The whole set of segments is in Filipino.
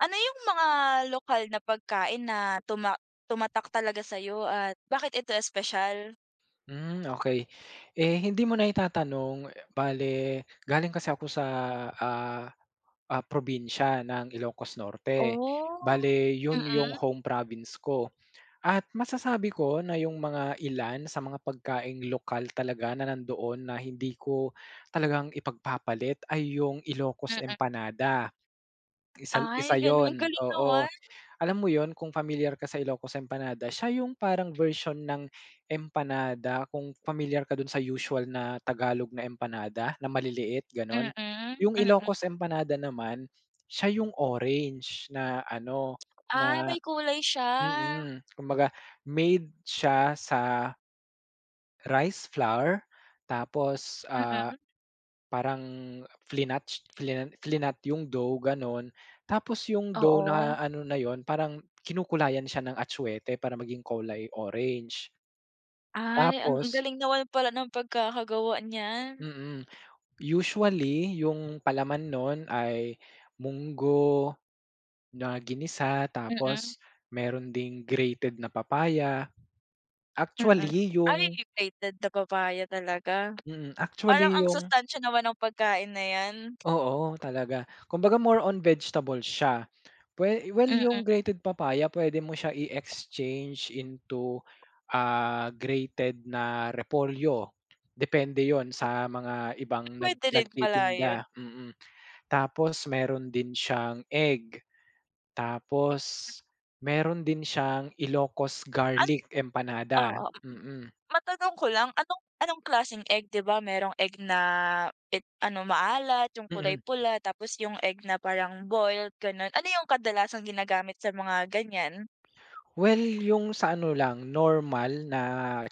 Ano 'yung mga lokal na pagkain na tuma tumatak talaga sa'yo at bakit ito espesyal? Hmm okey. Eh hindi mo na itatanong bale, galing kasi ako sa, ah, ah, probinsya ng Ilocos Norte. Oh, Bale 'yun 'yung mm. home province ko at masasabi ko na 'yung mga ilan sa mga pagkaing lokal talaga na nandoon na hindi ko talagang ipagpapalit ay 'yung Ilocos Mm. empanada. Isa Ay isa gano'n, ang 'yun, galing oo. naman. Alam mo 'yun kung pamilyar ka sa Ilocos empanada, siya 'yung parang version ng empanada kung pamilyar ka dun sa usual na Tagalog na empanada, na maliliit Mm, gano'n. 'Yung mm. Ilocos empanada naman, siya 'yung orange na ano Ah, na may kulay siya. mm, kumbaga made siya sa rice flour tapos, ah, Mm. parang flinat flin flinat 'yung dough gano'n. Tapos 'yung dough na Oo. ano na 'yun, parang kinukulayan siya ng atsuete para maging kulay orange. Ay ang ang Tapos galing naman pala ng pagkakagawa niyan. Mm, usually 'yung palaman nun ay munggo na ginisa Mm. tapos meron ding grated na papaya. Mm, Actually ay 'yung 'yung grated na papaya talaga. Mm, Parang actually ang yung sustansiya naman ng pagkain na 'yan. Oo talaga, kumbaga more on vegetables siya. We well 'yung Mm. grated papaya puwede mo siya i-exchange into, ah, grated na repolyo, depende 'yun sa mga ibang nag Puwede rin pala 'yun. nagtitinda, mm. Tapos meron din siyang egg. Tapos meron din siyang Ilocos An garlic empanada, oo. mm. Matanong ko lang, anong anong klaseng egg? 'Di ba merong egg na it ano maalat, 'yung Mm. kulay pula, tapos 'yung egg na parang boiled ganun. Ano 'yung kadalasang ginagamit sa mga ganiyan? Well 'yung sa ano lang normal na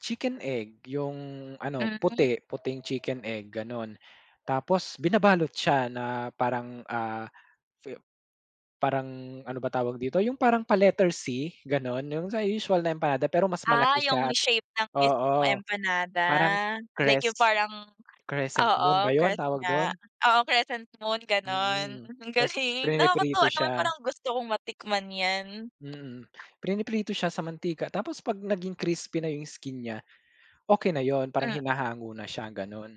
chicken egg, 'yung ano Hmm. puti puting chicken egg gano'n, tapos binabalot siya na parang, ah, fi parang, ano ba tawag dito, 'yung parang pa letter c gano'n 'yung sa usual na empanada pero mas Ah malaki 'yung siya, shape ng mismong oo empanada, parang like 'yung cres parang crescent oo moon ba 'yun crest tawag dun? nga. Oo crescent moon gano'n, Mm, ang ta's galing. priniprito Nakakatuwa naman siya. parang gusto kong matikman 'yan. Mm, piniprito siya sa mantika tapos 'pag naging crispy na 'yung skin niya, okey na 'yun parang Hmm. hinahango na siya gano'n.